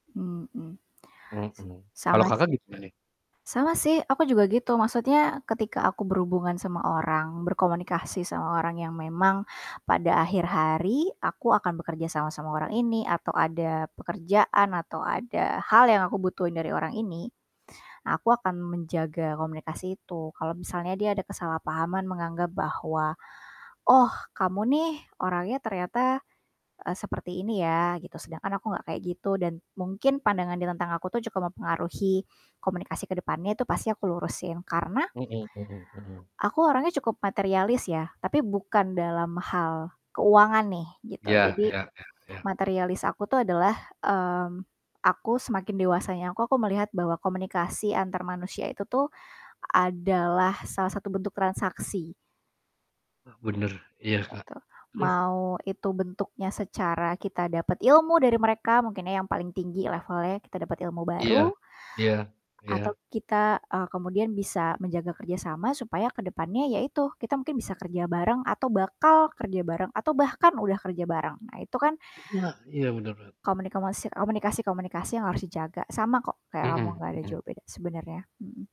Mhm. S Mhm. sama Kalau Kakak sih. gimana nih? Sama sih aku juga gitu maksudnya ketika aku berhubungan sama orang, berkomunikasi sama orang yang memang pada akhir hari aku akan bekerja sama sama orang ini, atau ada pekerjaan atau ada hal yang aku butuhin dari orang ini. Aku akan menjaga komunikasi itu kalau misalnya dia ada kesalahpahaman menganggap bahwa, "Oh kamu nih orangnya ternyata, eee, seperti ini ya." Gitu sedangkan aku nggak kayak gitu dan mungkin pandangan dia tentang aku tuh cukup mempengaruhi komunikasi ke depannya itu pasti aku lurusin karena Mhm mhm mhm. aku orangnya cukup materialis ya, tapi bukan dalam hal keuangan nih gitu. Iya Jadi iya iya iya. materialis aku tuh adalah, mmm, aku semakin dewasanya aku aku melihat bahwa komunikasi antar manusia itu tuh adalah salah satu bentuk transaksi. Eee. Bener, iya Kak. Gitu. Please Mau itu bentuknya secara kita dapat ilmu dari mereka, mungkin ya yang paling tinggi levelnya kita dapat ilmu Iya, baru, iya, atau iya. kita, eee, kemudian bisa menjaga kerja sama supaya ke depannya, yaitu kita mungkin bisa kerja bareng, atau bakal kerja bareng, atau bahkan udah kerja bareng. Nah itu kan Wah, iya bener bener komunikomasi komunikasi-komunikasi yang harus dijaga sama kok kayak Mhm ngomong, nggak ada mhm. jauh beda sebenarnya, mhm.